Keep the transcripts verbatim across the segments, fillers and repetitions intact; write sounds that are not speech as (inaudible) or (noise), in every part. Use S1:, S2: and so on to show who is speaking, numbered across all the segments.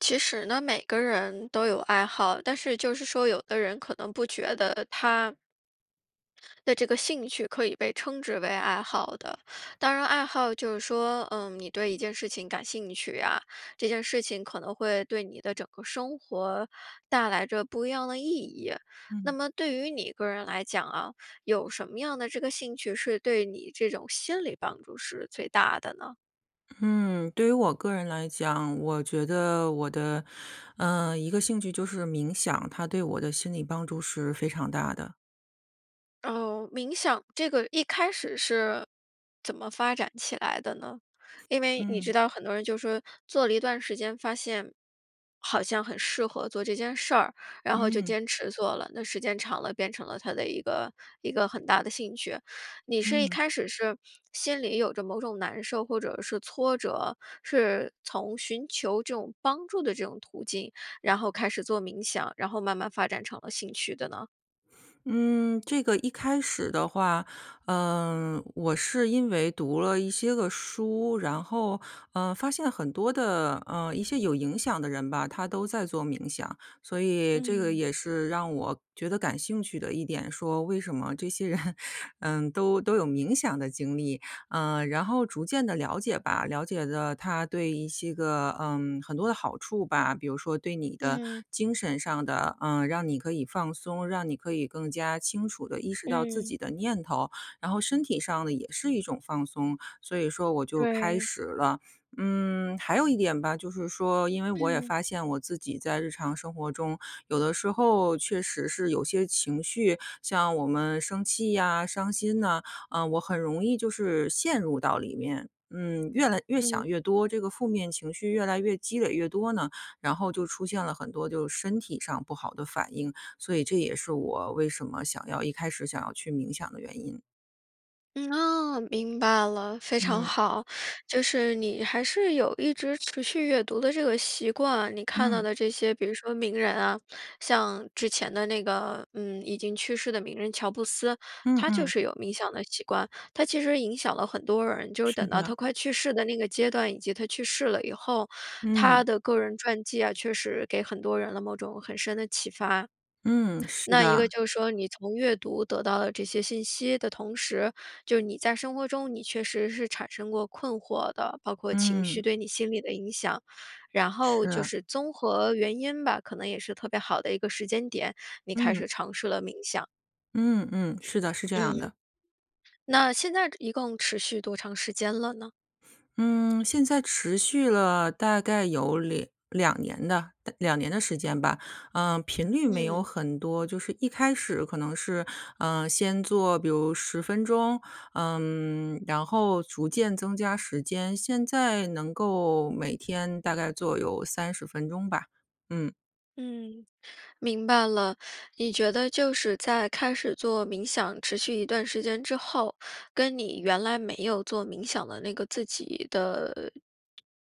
S1: 其实呢，每个人都有爱好。但是就是说有的人可能不觉得他的这个兴趣可以被称之为爱好的。当然爱好就是说，呃，你对一件事情感兴趣啊，这件事情可能会对你的整个生活带来着不一样的意义。那
S2: 嗯。
S1: 么对于你个人来讲啊，有什么样的这个兴趣是对你这种心理帮助是最大的呢？
S2: 嗯，对于我个人来讲，我觉得我的，呃，一个兴趣就是冥想，它对我的心理帮助是非常大的。
S1: 哦，冥想，这个一开始是，怎么发展起来的呢？因为你知
S2: 嗯。
S1: 道很多人就是说做了一段时间发现，好像很适合做这件事儿，然后就
S2: 嗯。
S1: 坚持做了。那时间长了变成了他的一个，一个很大的兴趣。你是一
S2: 嗯。
S1: 开始是心里有着某种难受或者是挫折，是从寻求这种帮助的这种途径，然后开始做冥想，然后慢慢发展成了兴趣的呢？
S2: 嗯，这个一开始的话，呃，我是因为读了一些个书，然后，呃，发现很多的，呃，一些有影响的人吧，他都在做冥想。所以这个
S1: 嗯。
S2: 也是让我觉得感兴趣的一点，说为什么这些人，嗯，都都有冥想的经历。呃，然后逐渐地了解吧，了解了它对一些个嗯，很多的好处吧。比如说对你的
S1: 嗯。
S2: 精神上的，呃，让你可以放松，让你可以更加清楚地意识到自
S1: 嗯。
S2: 己的念头。然后身体上的也是一种放松，所以说我就开
S1: 对。
S2: 始了。嗯，还有一点吧，就是说因为我也
S1: 嗯。
S2: 发现，我自己在日常生活中，有的时候确实是有些情绪，像我们生气呀、伤心呐，啊，我很容易就是陷入到里面，嗯，越来越
S1: 嗯。
S2: 想越多，这个负面情绪越来越积累越多呢，然后就出现了很多就身体上不好的反应，所以这也是我为什么想要一开始想要去冥想的原因。
S1: 嗯，啊，明白了。非常
S2: 嗯。
S1: 好，就是你还是有一直持续阅读的这个习惯，你看到
S2: 嗯。
S1: 的这些比如说名人啊，像之前的那个，嗯已经去世的名人乔布斯，
S2: 嗯
S1: 他就
S2: 嗯。
S1: 是有冥想的习惯，他其实影响了很多人，就是
S2: 是
S1: 等到他
S2: 的。
S1: 快去世的那个阶段，以及他去世了以后，
S2: 嗯。
S1: 他的个人传记啊确实给很多人了某种很深的启发。
S2: 嗯，是
S1: 那一个
S2: 的。
S1: 就说你从阅读得到了这些信息的同时，就你在生活中，你确实是产生过困惑的，包括情绪
S2: 嗯。
S1: 对你心理的影响，然后就
S2: 是。
S1: 是综合原因吧，可能也是特别好的一个时间点，你开始
S2: 嗯。
S1: 尝试了冥想。
S2: 嗯嗯，是的，是这样
S1: 嗯，
S2: 的。
S1: 那现在一共持续多长时间了呢？
S2: 嗯，现在持续了大概有两两年的两年的时间吧。呃，频率没有
S1: 嗯。
S2: 很多，就是一开始可能是，呃，先做比如十分钟，嗯，然后逐渐增加时间。现在能够每天大概做有三十分钟吧，嗯。
S1: 嗯，明白了。你觉得就是在开始做冥想持续一段时间之后，跟你原来没有做冥想的那个自己的，呃，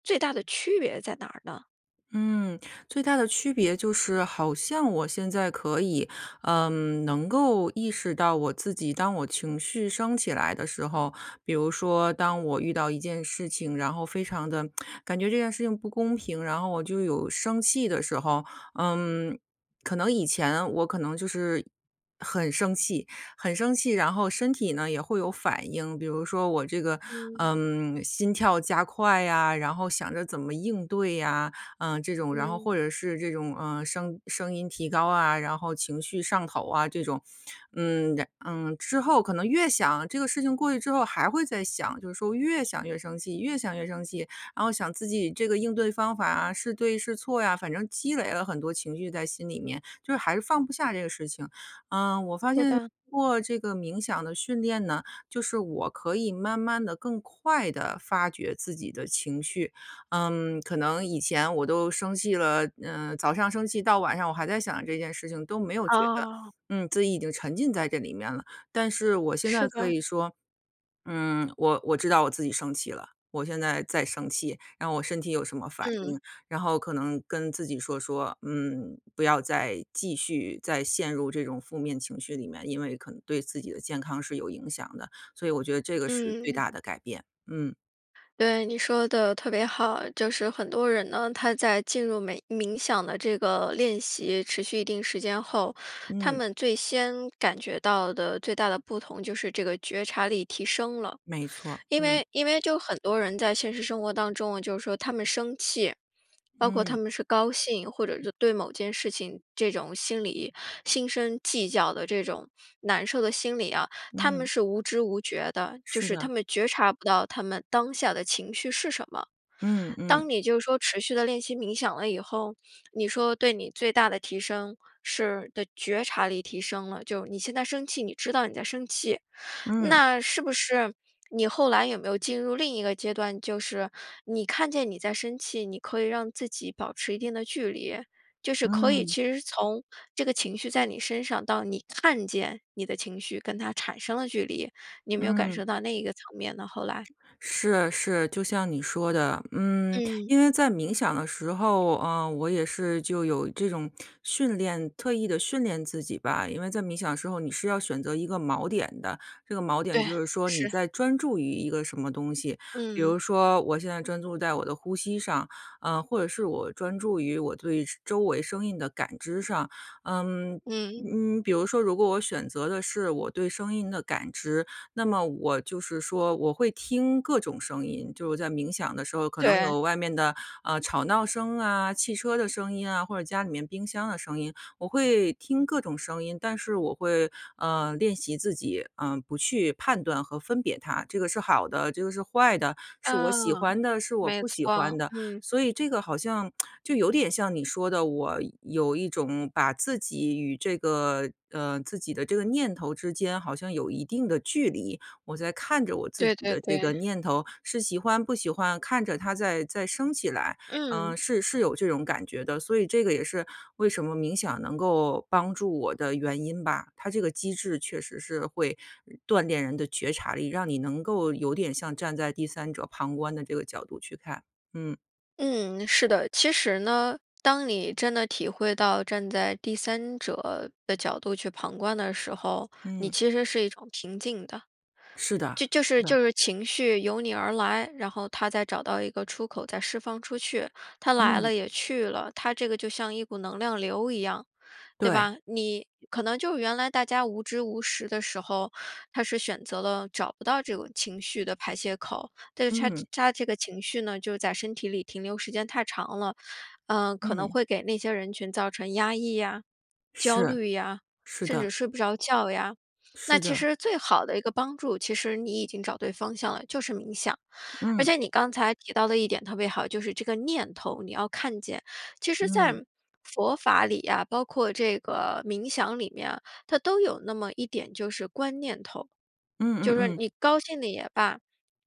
S1: 最大的区别在哪儿呢？
S2: 嗯，最大的区别就是好像我现在可以，嗯，能够意识到我自己，当我情绪升起来的时候，比如说当我遇到一件事情，然后非常地 (smacks lips) 感觉这件事情不公平，然后我就有生气的时候。嗯，可能以前我可能就是很生气，很生气然后身体呢也会有反应。比如说我这个，
S1: 嗯。
S2: 嗯，心跳加快呀，然后想着怎么应对呀，嗯，这种。然后
S1: 嗯。
S2: 或者是这种，呃，声声音提高啊，然后情绪上头啊这种。嗯，然嗯，之后可能越想，这个事情过去之后还会再想，就是说越想越生气，越想越生气。然后想自己这个应对方法啊，是对是错呀。反正积累了很多情绪在心里面，就是还是放不下这个事情。嗯，我发
S1: 对
S2: 现
S1: 的。
S2: 做这个冥想的训练呢，就是我可以慢慢地更快地发掘自己的情绪。嗯，可能以前我都生气了，呃，早上生气到晚上我还在想这件事情，都没有觉得，
S1: 哦。
S2: 嗯，自己已经沉浸在这里面了。但是我现在
S1: 是
S2: 可
S1: 的。
S2: 以说，嗯，我我知道我自己生气了，我现在在生气，然后我身体有什么反
S1: 嗯。
S2: 应，然后可能跟自己说说：“嗯，不要再继续再陷入这种负面情绪里面。“因为可能对自己的健康是有影响的。所以我觉得这个是最
S1: 嗯。
S2: 大的改变，嗯。
S1: 对，你说得特别好。就是很多人呢，他在进入每冥想的这个练习持续一定时间后，他
S2: 嗯。
S1: 们最先感觉到的最大的不同就是这个觉察力提升了。
S2: 没
S1: (inhales)
S2: 错，
S1: 因
S2: 嗯。
S1: 为因为就很多人在现实生活当中，就是说他们生气，包括
S2: 嗯。
S1: 他们是高兴，或者就对某件事情这种心理，心生计较的这种难受的心理啊，他们
S2: 嗯。
S1: 是无知无觉的，就
S2: 是
S1: 是他
S2: 的。
S1: 们觉察不到他们当下的情绪是什么。
S2: 嗯
S1: 当
S2: 嗯。
S1: 你就是说持续地练习冥想了以后，你说对你最大的提升是的觉察力提升了，就是你现在生气，你知道你在生气。
S2: 嗯。
S1: 那是不是你后来有没有进入另一个阶段，就是你看见你在生气，你可以让自己保持一定的距离？就是可以
S2: 嗯。
S1: 其实是从这个情绪在你身上，到你看见你的情绪跟它产生了距离。你有没有感
S2: 嗯。
S1: 受到那一个层面呢，后来？
S2: 是是，就像你说的。嗯，
S1: 嗯。
S2: 因为在冥想的时候，呃，我也是就有这种训练特意地训练自己吧。因为在冥想的时候你是要选择一个锚点的，这个锚点
S1: 对，
S2: 就是说你
S1: 是。
S2: 在专注于一个什么东西。比
S1: 嗯。
S2: 如说我现在专注在我的呼吸上，呃，或者是我专注于我对周周围声音的感知上。嗯，
S1: 嗯。
S2: 嗯，比如说如果我选择的是，我对声音的感知，那么我就是说我会听各种声音，就是我在冥想的时候可能
S1: 对。
S2: 有外面的，呃，吵闹声啊、汽车的声音啊，或者家里面冰箱的声音。我会听各种声音，但是我会，呃，练习自己，呃，不去判断和分别它，这个是好的，这个是坏的，是我
S1: 嗯，
S2: 喜欢的，是我
S1: 没
S2: 不喜欢
S1: 错，
S2: 的。
S1: 嗯。
S2: 所以这个好像 (smacks lips) 就有点像你说的，我有一种把自己与这个，呃，自己的这个念头之间好像有一定的距离，我在看着我自
S1: 对
S2: 己
S1: 对
S2: 的这
S1: 对。
S2: 个念头，是喜欢不喜欢，看着它在在升起来，
S1: 嗯。
S2: 呃，是是有这种感觉的。所以这个也是为什么冥想能够帮助我的原因吧，它这个机制确实是会，嗯，锻炼人的觉察力，让你能够有点像站在第三者旁观的这个角度去看，嗯。
S1: 嗯，是的。其实呢，当你真的体会到站在第三者的角度去旁观的时候，你
S2: 嗯。
S1: 其实是一种平静的。
S2: 是的，
S1: 就就
S2: 是
S1: 是
S2: 的。
S1: 就是情绪由你而来，然后它再找到一个出口再释放出去，它来
S2: 嗯。
S1: 了也去了。它这个就像一股能量流一样，对
S2: 对。
S1: 吧？你可能就原来大家无知无识的时候，它是选择了找不到这种情绪的排泄口，但是它
S2: 嗯。
S1: 它这个情绪呢，就在身体里停留时间太长了，呃，可能
S2: 嗯。
S1: 会给那些人群造成压抑呀、
S2: 是，
S1: 焦虑呀，
S2: 是
S1: 甚至
S2: 的。
S1: 睡不着觉呀。那
S2: 是
S1: 其
S2: 的。
S1: 实最好的一个帮助，其实你已经找对方向了，就是冥想。而
S2: 嗯。
S1: 且你刚才提到的一点特别好，就是这个念头，你要看见。其实在，
S2: 嗯。
S1: 佛法里啊，包括这个冥想里面啊，它都有那么一点就是观念头。
S2: 嗯嗯
S1: 就是说
S2: 嗯。
S1: 你高兴的也罢，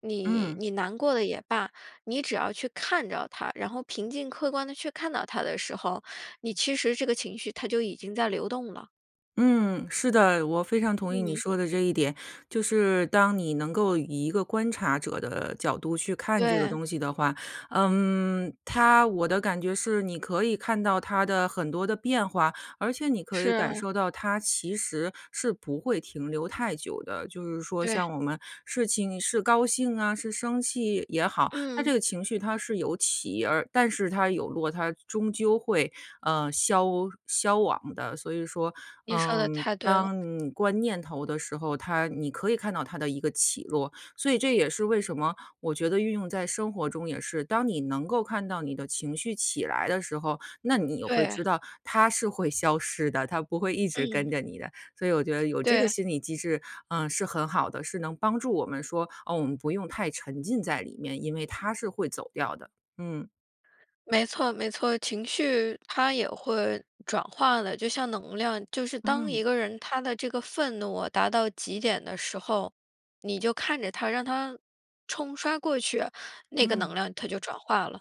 S1: 你
S2: 嗯。
S1: 你难过的也罢，你只要去看着它，然后平静客观地去看到它的时候，你其实这个情绪它就已经在流动了。
S2: 嗯，是的，我非常同意你
S1: 嗯。
S2: 说的这一点。就是当你能够以一个观察者的角度去看这个
S1: 对。
S2: 东西的话，嗯，它我的感觉是你可以看到它的很多的变化，而且你可以感
S1: 是。
S2: 受到它其实是不会停留太久的。就是说
S1: 对。
S2: 像我们事情是高兴啊，是生气也好，它
S1: 嗯。
S2: 这个情绪它是有起而，但是它有落，它终究会，嗯，消消亡的。所以说，
S1: 你说得
S2: 嗯，
S1: 太对
S2: 当
S1: 了。
S2: 嗯观念头的时候，它你可以看到它的一个起落，所以这也是为什么，我觉得运用在生活中也是，当你能够看到你的情绪起来的时候，那你也会
S1: 对。
S2: 知道它是会消失的，它不会一直
S1: 嗯。
S2: 跟着你的。所以我觉得
S1: (smacks lips)
S2: 有这个
S1: 对。
S2: 心理机制，呃，是很好的，是能帮助我们说，哦，我们不用太沉浸在里面，因为它是会走掉的，嗯。
S1: 没错没错，情绪它也会转化的，就像能量就是当
S2: 嗯。
S1: 一个人他的这个愤怒啊达到极点的时候，你就看着它，让它冲刷过去，那个
S2: 嗯。
S1: 能量它就转化了。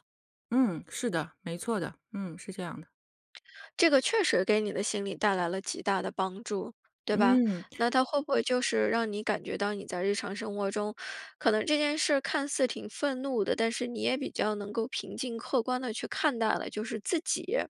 S2: 嗯，是的，没错的，嗯，是这样的。
S1: (smacks lips) 这个确实给你的心理带来了极大的帮助，对吧？
S2: 嗯。
S1: 那它会不会就是让你感觉到你在日常生活中，可能这件事看似挺愤怒的，但是你也比较能够平静客观地去看待了，就是自己知道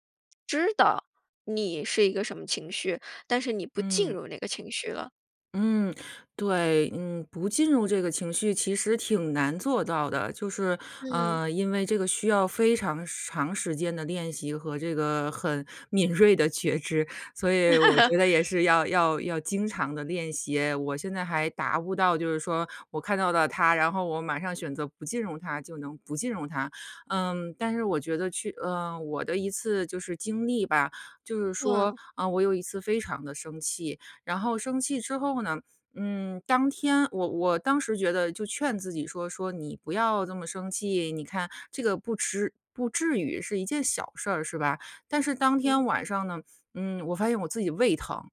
S1: 你是一个什么情绪，但是你不进
S2: 嗯。
S1: 入那个情绪了？
S2: 嗯，对，嗯，不进入这个情绪其实挺难做到的，就是，
S1: 嗯。
S2: 呃，因为这个需要非常长时间的练习和这个很敏锐的觉知，所以我
S1: (laughs)
S2: 觉得也是要要要经常地练习，我现在还达不到，就是说我看到了它，然后我马上选择不进入它就能不进入它。嗯，但是我觉得去呃，我的一次就是经历吧，就是说，
S1: 哇。
S2: 嗯，我有一次非常地生气，然后生气之后呢，嗯，当天我我当时觉得就劝自己说说：“你不要这么生气，你看这个不痴不至于，是一件小事儿是吧？”但是当
S1: 嗯。
S2: 天晚上呢，嗯，我发现我自己胃疼。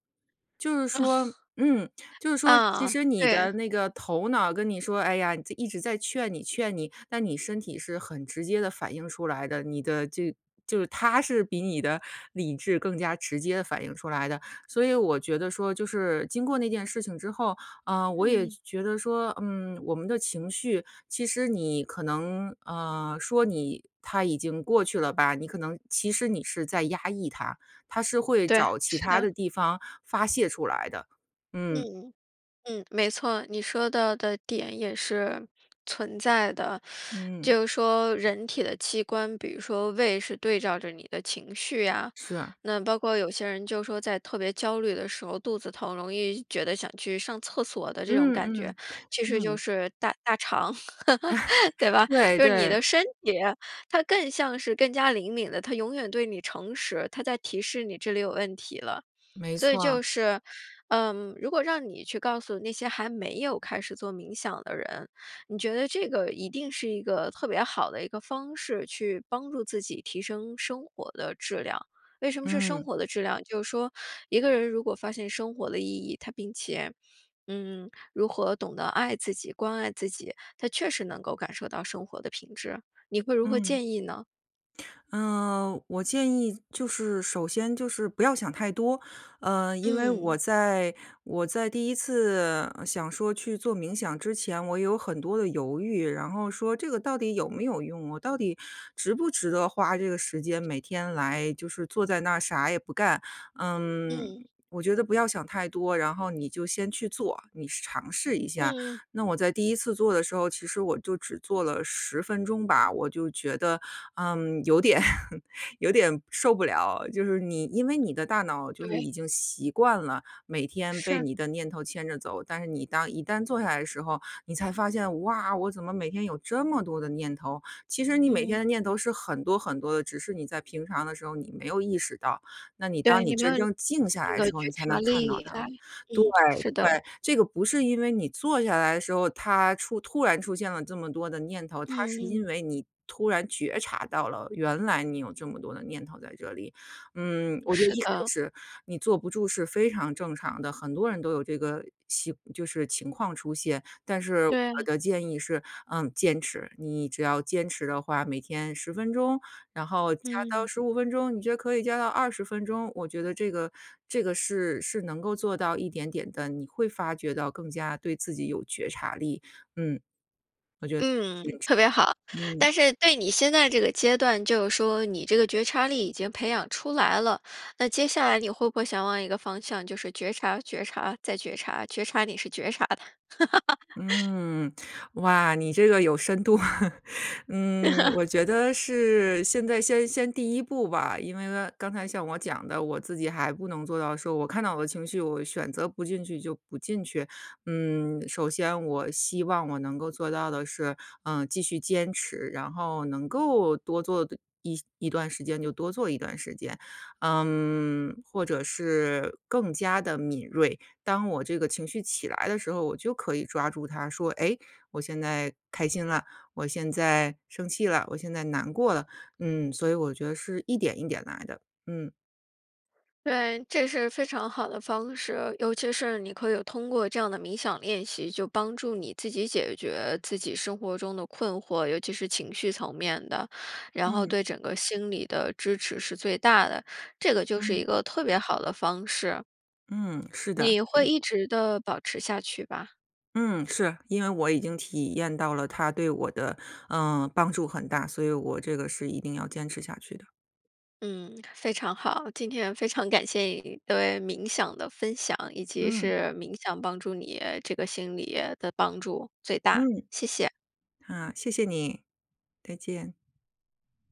S2: 就是
S1: 嗯，
S2: 说嗯，就是说其
S1: 啊，
S2: 实你
S1: 对。
S2: 的那个头脑跟你说，哎呀，在一直在劝你劝你，那你身体是很直接地反应出来的，你的这就是它是比你的理智更加直接地反应出来的。所以我觉得说就是，经过那件事情之后，啊，我也
S1: 嗯。
S2: 觉得说，嗯，我们的情绪，其实你可能，呃，说你它已经过去了吧，你可能其实你是在压抑它，它是会
S1: 对，
S2: 找其
S1: 是
S2: 它
S1: 的。
S2: 的地方发泄出来的，嗯。
S1: 嗯，嗯，没错。你说到的点也是存在的。
S2: 嗯。
S1: 就是说人体的器官，比如说胃是对照着你的情绪呀，
S2: 是。
S1: 那包括有些人就是说在特别焦虑的时候，肚子疼容易觉得想去上厕所的这种感
S2: 嗯，
S1: 觉，
S2: 嗯，
S1: 其实就
S2: 嗯。
S1: 是大大肠，(laughs) 对
S2: (laughs)
S1: 吧？
S2: 对，
S1: 就是你
S2: 对。
S1: 的身体，它更像是更加灵敏的，它永远对你诚实，它在提示你这里有问题了。
S2: 没
S1: 所以
S2: 错。
S1: 就是，嗯，如果让你去告诉那些还没有开始做冥想的人，你觉得这个一定是一个特别好的一个方式去帮助自己提升生活的质量。为什么是生
S2: 嗯。
S1: 活的质量，就是说一个人如果发现生活的意义，他并且，嗯，如何懂得爱自己，关爱自己，他确实能够感受到生活的品质。你会如何
S2: 嗯。
S1: 建议呢？
S2: 呃，我建议就是首先就是不要想太多，呃，因为我
S1: 嗯。
S2: 在我在第一次想说去做冥想之前，我有很多的犹豫，然后说这个到底有没有用，我到底值不值得花这个时间每天来就是坐在那儿啥也不干？嗯，
S1: 嗯。
S2: 我觉得不要想太多，然后你就先去做，你试尝试一下。
S1: 嗯。
S2: 那我在第一次做的时候，其实我就只做了十分钟吧，我就觉得，嗯，有点有点受不了，就是你因为你的大脑就是
S1: 对。
S2: 已经习惯了，每天被
S1: 是。
S2: 你的念头牵着走，但是你当一旦坐下来的时候，你才发现：“哇，我怎么每天有这么多的念头？”其实你每
S1: 嗯。
S2: 天的念头是很多很多的，只是你在平常的时候你没有意识到，那你
S1: 对，
S2: 当你
S1: 你没有
S2: 真正静下来的
S1: 那个
S2: 时
S1: (unintelligible)
S2: 候，
S1: 觉
S2: 你才
S1: 察
S2: 能看到
S1: 力
S2: 它
S1: 在，
S2: 们。对，
S1: 嗯，是的。
S2: 对，这个不是因为你坐下来的时候，它出突然出现了这么多的念头，它
S1: 嗯
S2: 是
S1: 嗯。
S2: 因为你突然觉察到了原来你有这么多的念头在这里。嗯，我觉得
S1: 是
S2: 一开
S1: 的。
S2: 始你坐不住是非常正常的，很多人都有这个习就是情况出现，但是我
S1: 对。
S2: 的建议是，嗯，坚持。你只要坚持的话，每天十分钟，然后加到
S1: 嗯。
S2: 十五分钟，你觉得可以加到二十分钟，我觉得这个这个是是能够做到一点点地，你会发觉到更加对自己有觉察力，嗯。我觉得
S1: 嗯，特别好。
S2: 坚持，嗯。
S1: 但是对你现在这个阶段，就是说你这个觉察力已经培养出来了，那接下来你会不会想往一个方向，就是觉察、觉察、再觉察，觉察你是觉察的。(laughs)
S2: 嗯，哇，你这个有深度。(laughs) 嗯，
S1: (laughs)
S2: 我觉得是现在先先第一步吧，因为刚才像我讲的，我自己还不能做到说我看到我的情绪，我选择不进去就不进去。嗯，首先我希望我能够做到的是，呃，继续坚持，然后能够多做的一一段时间就多做一段时间。嗯，或者是更加地敏锐，当我这个情绪起来的时候，我就可以抓住它说：“诶，我现在开心了，我现在生气了，我现在难过了。“嗯，所以我觉得是一点一点来的，嗯。
S1: 对，这是非常好的方式，尤其是你可以通过这样的冥想练习，就帮助你自己解决自己生活中的困惑，尤其是情绪层面的，然后
S2: 嗯。
S1: 对整个心理的支持是最大的，这个就是一
S2: 嗯。
S1: 个特别好的方式。
S2: 嗯，是的。
S1: 你会
S2: 是。
S1: 一直地保持下去吧？
S2: 嗯，是，因为我已经体验到了它对我的，呃，帮助很大，所以我这个是一定要坚持下去的。
S1: 嗯，非常好，今天非常感谢你对冥想的分享，以及
S2: 嗯。
S1: 是冥想帮助你这个心理的帮助最大，
S2: 嗯。
S1: 谢谢。
S2: 啊，谢谢你，再见。